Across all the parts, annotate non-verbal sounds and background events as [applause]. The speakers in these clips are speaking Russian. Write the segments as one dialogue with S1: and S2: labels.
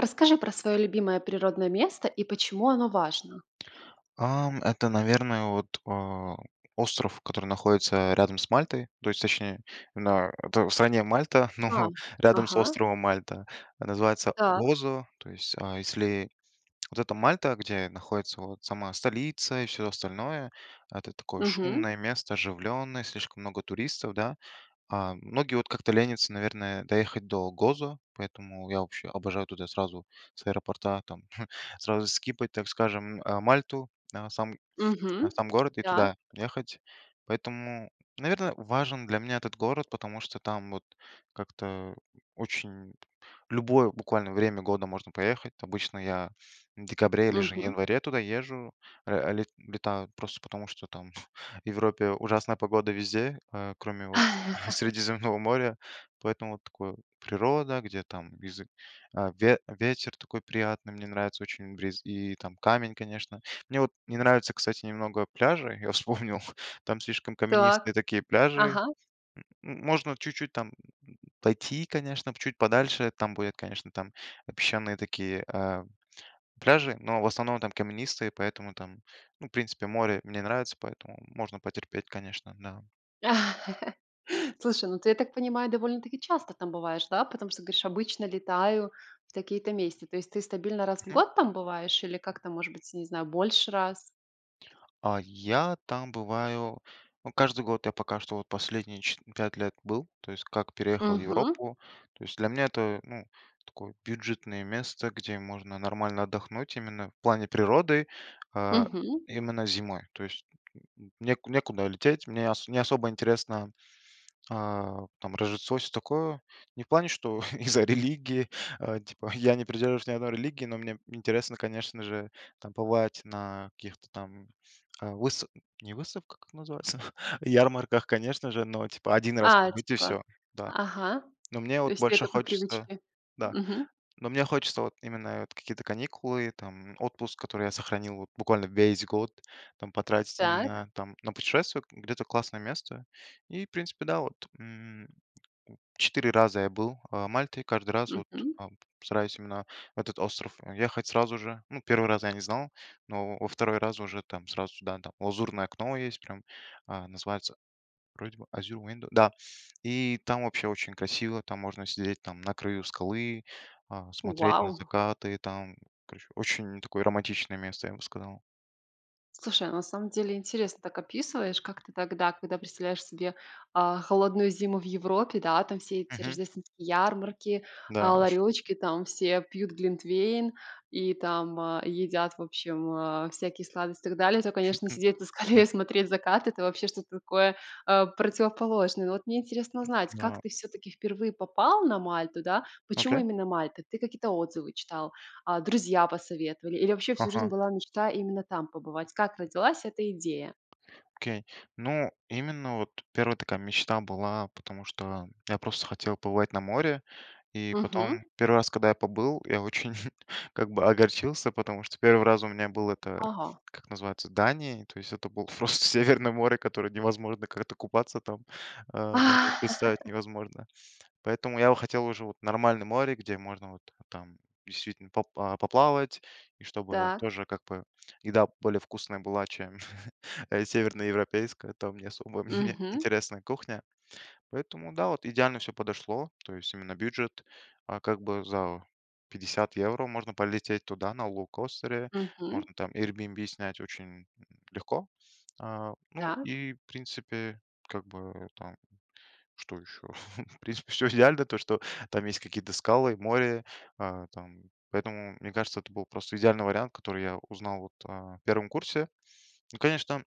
S1: Расскажи про свое любимое природное место и почему оно важно.
S2: Ам, это, наверное, вот, э, остров, который находится рядом с Мальтой, то есть, точнее, на это в стране Мальта,
S1: А,
S2: но рядом с
S1: ага.
S2: островом Мальта. Называется
S1: Так.
S2: "Гозо", то есть, а, если вот эта Мальта, где находится вот сама столица и всё остальное- это такое
S1: Мгм.
S2: шумное место, оживленное, слишком много туристов, да, а многие вот как-то ленятся, наверное, доехать до Гозо, поэтому я вообще обожаю туда сразу с аэропорта, там [chuckles] сразу скипать, так скажем, э, Мальту, да, сам да,
S1: Мгм,
S2: сам город, и
S1: да.
S2: туда ехать. Поэтому, наверное, важен для меня этот город, потому что там вот, как-то о очень в любое буквально время года можно поехать. Обычно я в декабре или же в
S1: Мгм.
S2: январе туда езжу, э, ле летаю. Просто потому, что там [chuckles] в Европе ужасная погода везде, э, кроме вот [chuckles]
S1: [laughs]
S2: Средиземного моря. Поэтому вот такое- природа, где там бизы а, ве ветер такой приятный, мне нравится очень бриз, и, там, камень, конечно. Мне вот не нравится, кстати, немного пляжи, я вспомнил, там слишком
S1: Так,
S2: каменистые такие пляжи.
S1: ага.
S2: М м можно чуть-чуть там, м, пойти, конечно, чуть подальше, там будет, конечно, там песчаные такие, э, пляжи, но в основном там каменистые, поэтому там, ну, в принципе, море мне нравится, поэтому можно потерпеть, конечно, да.
S1: [laughs] Слушай, ну ты, я так понимаю, довольно-таки часто там бываешь, да? Потому что, говоришь:"Обычно летаю в такие-то месте". То есть ты стабильно раз в
S2: Мгм.
S1: год там бываешь или как-то, может быть, я не знаю, больше раз?
S2: А я там бываю, ну, каждый год. Я пока что вот последние че 5 лет был, то есть как переехал в
S1: Мгм.
S2: Европу. То есть для меня это, ну, такое бюджетное место, где можно нормально отдохнуть, именно в плане природы, а,
S1: Мгм.
S2: именно зимой, то есть, н н не некуда лететь, мне н не особо интересно, э, там Рождество, всё такое. Не в плане, что из-за религии, э, типа я не придерживаюсь ни одной религии, но мне интересно, конечно же, там побывать на каких-то там, э, выста не выставках, как называется? [chuckles] Ярмарках, конечно же, но типа 1 раз
S1: А,
S2: побыть и
S1: типа
S2: всё, да.
S1: Ага.
S2: Но мне
S1: То
S2: вот
S1: есть
S2: больше
S1: это по
S2: хочется
S1: привычке.
S2: Да,
S1: Мгм.
S2: но мне хочется вот именно это какие-то каникулы, там отпуск, который я сохранил вот буквально весь год, там потратить
S1: Так.
S2: именно, там, на путешествие, где-то классное место и, в принципе, да, вот, м, 4 раза я был, а, Мальте, каждый раз вот,
S1: Мгм.
S2: ам, стараюсь именно в этот остров ехать сразу же. Ну, 1 раз я не знал, но во 2 раз уже, там, сразу сюда, да. Лазурное окно есть, прям, а, называется, вроде бы Azure Window, да. И там вообще очень красиво, там можно сидеть, там, на краю скалы, а, смотреть на
S1: Вау!
S2: закаты и там, короче, очень такое романтичное место, я бы сказал.
S1: Слушай, а на самом деле интересно так описываешь, как ты тогда, когда представляешь себе, а, холодную зиму в Европе, да, там все эти
S2: Мгм.
S1: рождественские ярмарки,
S2: Да.
S1: а, ларёчки, там все пьют глинтвейн и там, а, едят, в общем, а, всякие сладости и так далее, то, конечно,
S2: [chuckles] М.
S1: сидеть на скале и
S2: Мгм.
S1: смотреть закат- это вообще что-то такое, э, противоположное. Но вот мне интересно
S2: М.
S1: узнать,
S2: Да.
S1: как ты, всё-таки, впервые попал на Мальту, да, почему
S2: Окей.
S1: именно Мальта? Ты какие-то отзывы читал? А, друзья посоветовали? Или вообще всю жизнь
S2: Ага.
S1: была мечта именно там побывать? Как родилась эта идея?
S2: Окей. Ну, именно вот 1 такая мечта была, потому что я просто хотел побывать на море, и
S1: Мгм.
S2: потом 1 раз, когда я побыл, я очень, [chuckles] как бы, огорчился, потому что 1 раз у меня был, это,
S1: Ага.
S2: как называется, Дания, то есть это было просто северное море, которое невозможно как-то купаться, там, э, даже представить
S1: [laughs]
S2: невозможно. Поэтому я бы хотел уже вот нормальное море, где можно вот там действительно попла а, поплавать, и чтобы
S1: Так.
S2: тоже, как бы, еда более вкусная была, [chuckles] э, чем северно-европейская, там не особо [chuckles] мне
S1: Мгм.
S2: интересная кухня. Поэтому, да, вот идеально всё подошло, то есть именно бюджет, а, как бы за 50 евро можно полететь туда на лоукостере,
S1: Мгм.
S2: можно там Airbnb снять очень, м, легко, а. Ну
S1: Так.
S2: и, в принципе, как бы там, что еще? [chuckles] В принципе, всё идеально, то что там есть какие-то скалы, море, э, там, поэтому, мне кажется, это был просто идеальный вариант, который я узнал вот, э, 1 курсе. Ну, конечно, там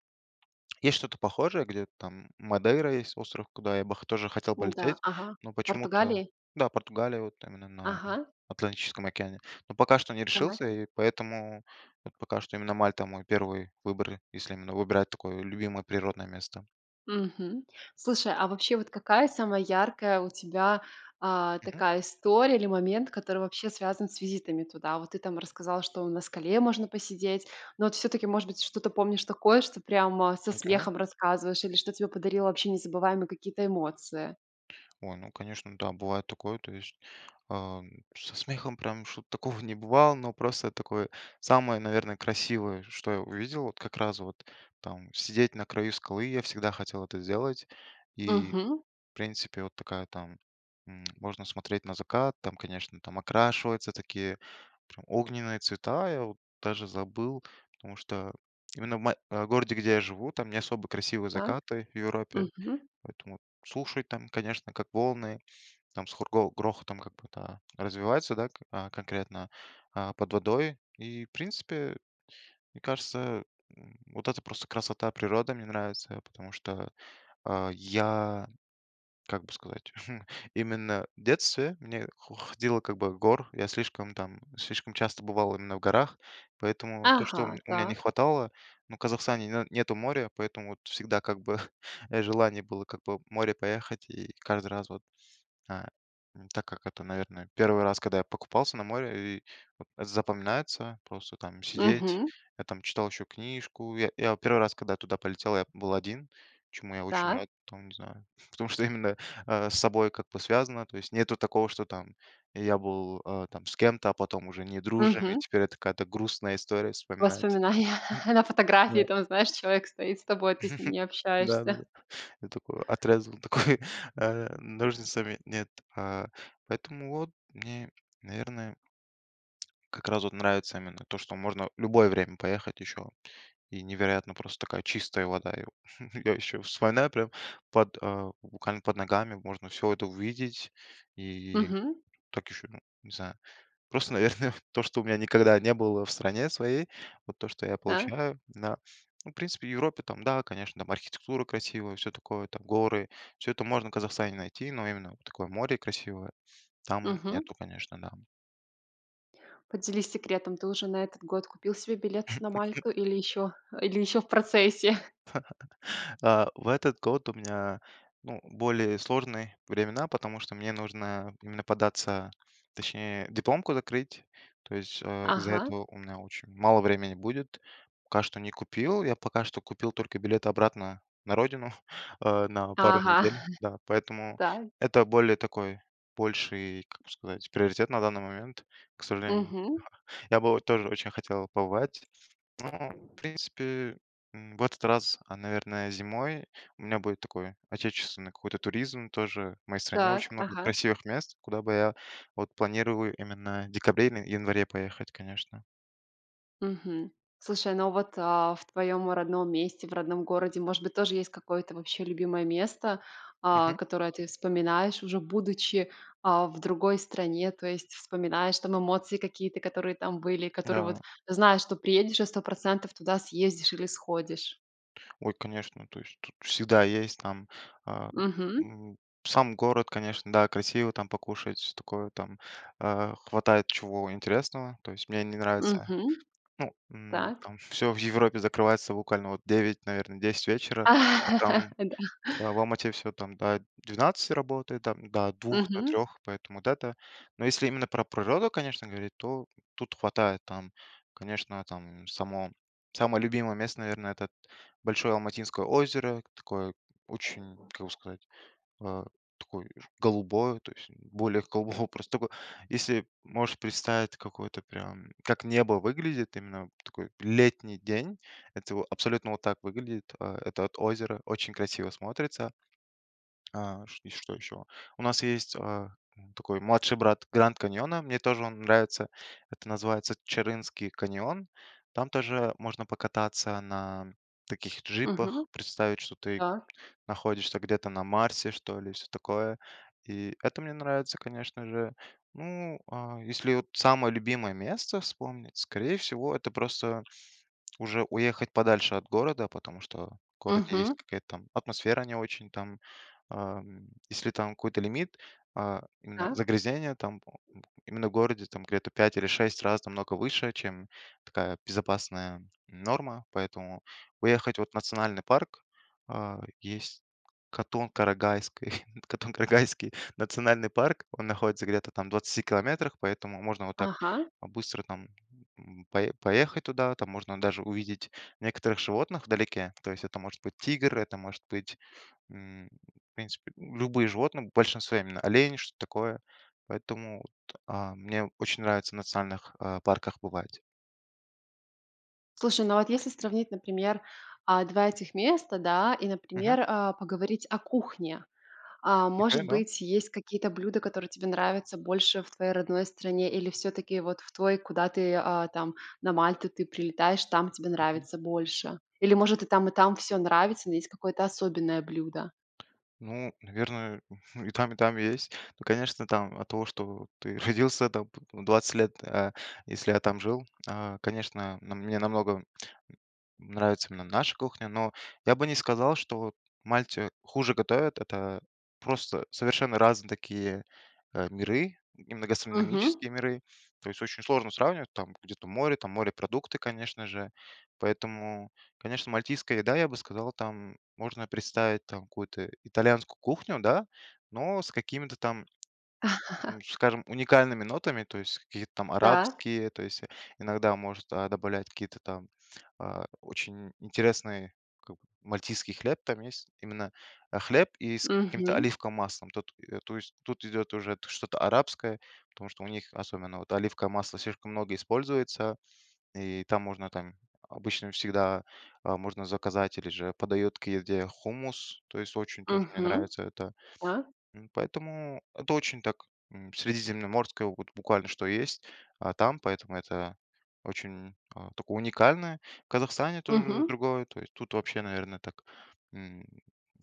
S2: есть что-то похожее, где там Мадейра есть остров, куда я бы хо тоже хотел
S1: Да.
S2: полететь,
S1: Ага.
S2: но
S1: В
S2: почему-то
S1: Португалии?
S2: Да, Португалия, вот там она на
S1: Ага.
S2: Атлантическом океане. Но пока что не
S1: Так.
S2: решился, и поэтому вот пока что именно Мальта- мой 1 выбор, если именно выбирать такое любимое природное место.
S1: Мгм. Слушай, а вообще, вот какая самая яркая у тебя, а,
S2: Мгм.
S1: такая история или момент, который вообще связан с визитами туда? Вот ты там рассказал, что на скале можно посидеть, но вот, всё-таки, может быть, что-то помнишь такое, что прямо со
S2: Окей.
S1: смехом рассказываешь, или что тебе подарило вообще незабываемые какие-то эмоции?
S2: Ой, ну, конечно, да, бывает такое, то есть, ам, со смехом прям что-то такого не бывало. Но просто такое, самое, наверное, красивое, что я увидел, вот как раз вот- там сидеть на краю скалы- я всегда хотел это сделать, и,
S1: Мгм.
S2: в принципе, вот такая там м, можно смотреть на закат, там, конечно, там окрашиваются такие прям огненные цвета, я вот даже забыл. Потому что именно в ма в городе, где я живу, там не особо красивые
S1: Так.
S2: закаты в Европе,
S1: Мгм.
S2: поэтому слушать там, конечно, как волны, там с хро с грохотом как будто развивается, да, а, конкретно, а, под водой и, в принципе, мне кажется, м, вот эта просто красота природы мне нравится, потому что, э, я, как бы сказать, [chuckles] именно в детстве мне хо ходил, как бы, в горы. Я слишком там, слишком часто бывал именно в горах, поэтому то, что у
S1: Ага,
S2: ме у меня не
S1: так.
S2: хватало, ну, в Казахстане на нету моря, поэтому вот всегда как бы, [chuckles] желание было как бы в море поехать, и каждый раз вот, э, так как это, наверное, 1 раз, когда я покупался на море, и вот запоминается, просто там сидеть,
S1: Мгм.
S2: я там читал еще книжку. Я я 1 раз, когда я туда полетел, я был один, чему я очень
S1: Так.
S2: рад там, не знаю. Потому что именно, э, с собой как бы связано, то есть нету такого, что там я был, э, там с кем-то, а потом уже не дружим, и
S1: Мгм.
S2: теперь это какая-то грустная история вспоминать.
S1: Воспоминания.
S2: [chuckles]
S1: [laughs] На
S2: Да.
S1: фотографии, там знаешь, человек стоит с тобой, а ты с ним
S2: [chuckles]
S1: не общаешься.
S2: Да-да-да. Я такой отрезал, такой, э, ножницами, нет, а, поэтому вот мне, наверное, как раз вот нравится именно то, что можно в любое время поехать еще, и невероятно просто такая чистая вода. И у [chuckles] и я еще вспоминаю прям под, а, руками, под ногами можно всё это увидеть, и
S1: Мгм.
S2: так еще, ну, не знаю, просто, наверное, то, что у меня никогда не было в стране своей, вот то что я
S1: Да.
S2: получаю, да. Ну, в принципе в Европе, там, да, конечно, там архитектура красивая, всё такое, там горы, всё это можно в Казахстане найти, но именно вот такое море красивое- там
S1: Мгм.
S2: нету, конечно, да.
S1: Поделись секретом. Ты уже на этот год купил себе билет на Мальку или
S2: [chuckles]
S1: еще, или еще в процессе?
S2: [chuckles] Э, в этот год у меня, ну, более сложные времена, потому что мне нужно именно податься, точнее дипломку закрыть, то есть, э, из-за
S1: Ага.
S2: этого у меня очень мало времени будет. Пока что не купил, я пока что купил только билет обратно на родину, э, на пару
S1: Ага.
S2: недель, да.
S1: [chuckles]
S2: Поэтому
S1: Так.
S2: это более такой, больший, как бы сказать- приоритет на данный момент, к сожалению.
S1: Мгм.
S2: [chuckles] Я бы вот тоже очень хотел побывать, но в принципе, м, в этот раз, а, наверное, зимой у меня будет такое, отечественный какой-то туризм тоже. В моей стране
S1: Так,
S2: очень много
S1: ага.
S2: красивых мест, куда бы я, вот планировую именно в декабре или январе поехать, конечно.
S1: Мгм. Слушай, ну вот, а, в твоем родном месте, в родном городе, может быть, тоже есть какое-то вообще любимое место, а,
S2: Мгм.
S1: которое ты вспоминаешь уже будучи, а, в другой стране. То есть вспоминаешь, там эмоции какие-то, которые там были, которые
S2: Да.
S1: вот, знаешь, что приедешь и 100 % туда съездишь или сходишь.
S2: Ой, конечно. То есть тут всегда есть там, а,
S1: Мгм.
S2: м Сам город, конечно, да, красиво там покушать, всё такое там, а, хватает чего интересного, то есть мне они нравятся.
S1: Мгм.
S2: Ну, м,
S1: Так.
S2: там всё в Европе закрывается буквально вот в 9, наверно, 10 вечера, а
S1: [laughs]
S2: там
S1: Да.
S2: в в Алмате всё там до 12 работает, там до 2, до
S1: Мгм.
S2: 3, поэтому дата. Ну если именно про природу, конечно, говорить, то тут хватает там. Конечно, там само самое любимое место, наверное- этот большое Алматинское озеро. Такое очень как бы сказать, а- такое голубое, то есть, более голубого просто тако Если можешь представить какое-то прям, как небо выглядит, именно в такой летний день. Это во абсолютно вот так выглядит, а, это озеро очень красиво смотрится. А. Чт и что еще? У нас есть, а, м, такой младший брат Гранд Каньона, мне тоже он нравится. Это называется Чарынский каньон. Там тоже можно покататься на таких
S1: Мгм.
S2: джипах, представить, что ты
S1: Так.
S2: находишься где-то на Марсе что ли и всё такое. И это мне нравится, конечно же. Ну а, если вот самое любимое место вспомнить, скорее всего, это просто уже уехать подальше от города, потому что в городе есть
S1: Мгм.
S2: какая-то там атмосфера не очень там, ам. Если там какой-то лимит, а, именно
S1: Так.
S2: загрязнение там, о, м, э, именно в городе там где-то в 5 или 6 раз намного выше, чем такая безопасная норма, поэтому уехать вот в национальный парк А, есть Катон-Карагайский [chuckles] Катон-Карагайский национальный парк- он находится где-то там в 20 километрах, поэтому можно вот так
S1: Ага.
S2: быстро там, м, по поехать туда, там можно даже увидеть некоторых животных вдалеке. То есть это может быть тигр, это может быть, м, в принципе, любые животные, в большинстве именно олени, что-то такое. Поэтому вот, а, мне очень нравится в национальных, а, парках бывать.
S1: Слушай, ну вот если сравнить, например, а, 2 этих места, да, и,
S2: Мгм.
S1: например, а, поговорить о кухне. А,
S2: Окей,
S1: может
S2: да.
S1: быть, есть какие-то блюда, которые тебе нравятся больше в твоей родной стране или всё-таки вот в твой, куда ты, а, там на Мальту ты прилетаешь, там тебе
S2: Мгм.
S1: нравится больше? Или может и там, и там всё нравится, но есть какое-то особенное блюдо?
S2: Ну, наверное, [chuckles] и там, и там есть. Ну, конечно, там от того, что ты родился там п в 20 лет, э, если я там жил, а, конечно, на мне намного н нравится именно наша кухня, но я бы не сказал, что вот Мальте хуже готовят. Это просто совершенно разные такие, э, миры, именно
S1: Мгм.
S2: гастрономические миры. То есть очень сложно сравнивать, там где-то море, там морепродукты, конечно же, поэтому, конечно, мальтийская еда, я бы сказал, там можно представить, там, какую-то итальянскую кухню, да, но с какими-то там, м,
S1: [laughs]
S2: скажем, уникальными нотами. То есть каких-то там
S1: Так.
S2: арабские, то есть, иногда может, а, добавлять какие-то там, а, очень интересный, как бы, мальтийский хлеб там есть. Именно, а, хлеб, и с каким-то с
S1: Мгм.
S2: оливковым маслом тот, э, то есть, тут идет уже т что-то арабское, потому что у них особенно вот оливковое масло слишком много используется, и там можно, там обычно всегда, а, можно заказать или же подают к еде хумус, то есть очень тоже мне
S1: Мгм.
S2: нравится это.
S1: Да.
S2: М, поэтому это очень так, м, средиземноморское, вот буквально что есть, а, там, поэтому это очень, а, такое уникальное. В Казахстане тоже
S1: Мгм.
S2: другое, то есть тут вообще, наверно, так, м,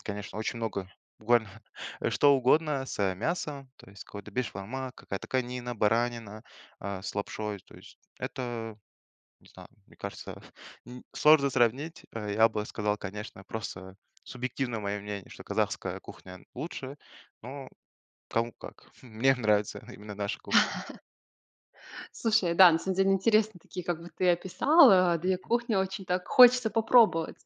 S2: конечно, очень много буквально, э, что угодно с, э, мясом, то есть какой-то бешбармак, какая-то конина, баранина, а, с лапшой. То есть это, не знаю, мне кажется, [chuckles] н сложно сравнить, э, я бы сказал, конечно, просто субъективно мое мнение- что казахская кухня лучше, но кому как. Мне нравится именно наша кухня.
S1: [chuckles] Слушай, да, на самом деле интересные такие, как бы ты описал, а, 2
S2: Мгм.
S1: кухни очень так хочется попробовать.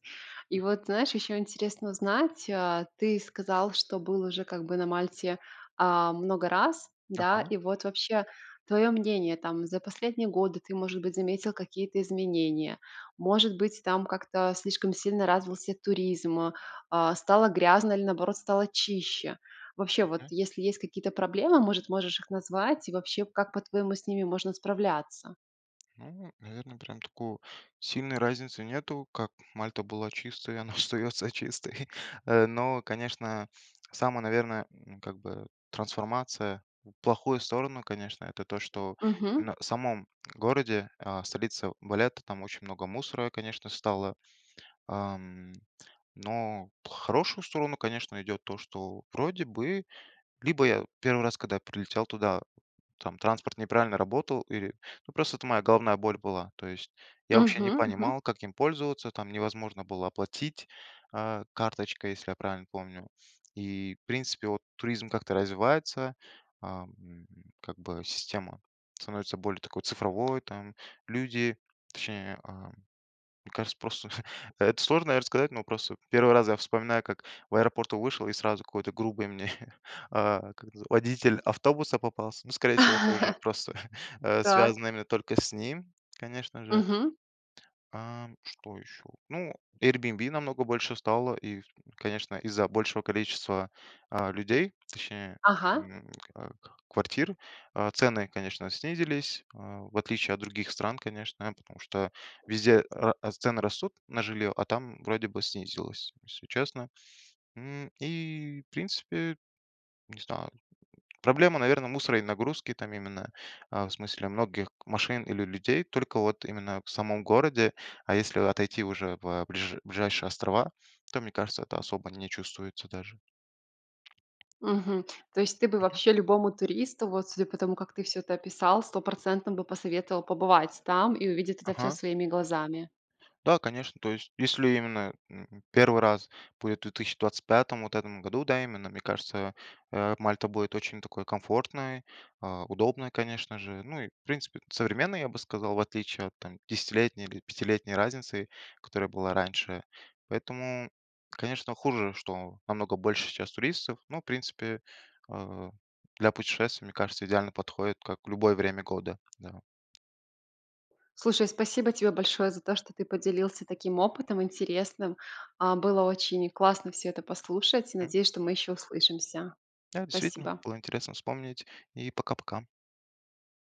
S1: И
S2: М.
S1: вот, знаешь, еще интересно узнать: а, ты сказал, что был уже как бы на Мальте, а, много раз, да.
S2: Ага.
S1: И вот вообще твое мнение, там, за последние годы ты, может быть, заметил какие-то изменения, может быть, там как-то слишком сильно развился туризм, а, стало грязно или, наоборот, стало чище. Вообще вот
S2: Мгм.
S1: если есть какие-то проблемы, может, можешь их назвать и, вообще как, по-твоему, с ними можно справляться?
S2: Ну, наверно, прям такой сильной разницы нету, как Мальта была чистой и она остается чистой. Э, но, конечно, самая, наверное, ну, как бы, трансформация в плохую сторону, конечно- это то, что
S1: Мгм.
S2: именно в самом городе, а, в столице Валетта, там очень много мусора, конечно, стало, ам. Но в хорошую сторону, конечно, идет то, что вроде бы, либо я 1 раз, когда я прилетел туда, там транспорт неправильно работал, или, ну, просто это моя головная боль была. То есть я вообще не
S1: Мгм. Мгм.
S2: понимал, как им пользоваться, там невозможно было оплатить, а, карточкой, если я правильно помню. И, в принципе вот, туризм как-то развивается, а, м, м, как бы система становится более такой цифровой там, люди, точнее, а Мне кажется, просто [chuckles] это сложно, наверно, рассказать, но просто 1 раз я вспоминаю, как в аэропорту вышел и сразу какой-то грубый мне, [chuckles] а, как назы водитель автобуса попался. Ну, скорее всего, тоже
S1: [laughs]
S2: просто, [chuckles] э,
S1: Так.
S2: связано именно только с ним, конечно же.
S1: Мгм.
S2: А что еще? Ну, Airbnb намного больше стало и, с конечно, из-за большего количества, а, людей, точнее,
S1: Ага.
S2: м, ка квартир, а, цены, конечно, снизились, а, в отличие от других стран, конечно, потому что везде ра цены растут на жилье, а там, вроде бы, снизилось, если честно, м. И, в принципе, не знаю, м, проблема, наверно, мусора и нагрузки там именно. А, в смысле многих машин или людей только, вот именно в самом городе, а если отойти уже в, э, ближ ближайшие острова, то, мне кажется, это особо не чувствуется даже.
S1: Мгм. То есть ты бы
S2: Мгм.
S1: вообще любому туристу, вот судя по тому, как ты всё это описал, стопроцентно бы посоветовал побывать там, и увидеть это всё
S2: Ага.
S1: своими глазами?
S2: Да, конечно, то есть если именно, м, 1 раз будет в 2025-ом, вот в этом году, да, именно, мне кажется, э, Мальта будет очень такой комфортной, а, удобной, конечно же, ну, и в принципе, современной, я бы сказал, в отличие от, там, десятилетней или пятилетней разницы, которая была раньше. Поэтому, конечно, хуже, что намного больше сейчас туристов, но, в принципе, э, для путешествия, мне кажется, идеально подходит, как в любое время года. Да.
S1: Слушай, спасибо тебе большое за то, что ты поделился таким опытом интересным. А, было очень классно всё это послушать. И
S2: Мгм.
S1: надеюсь, что мы еще услышимся.
S2: Да, действительно,
S1: Спасибо!
S2: было интересно вспомнить, и пока-пока!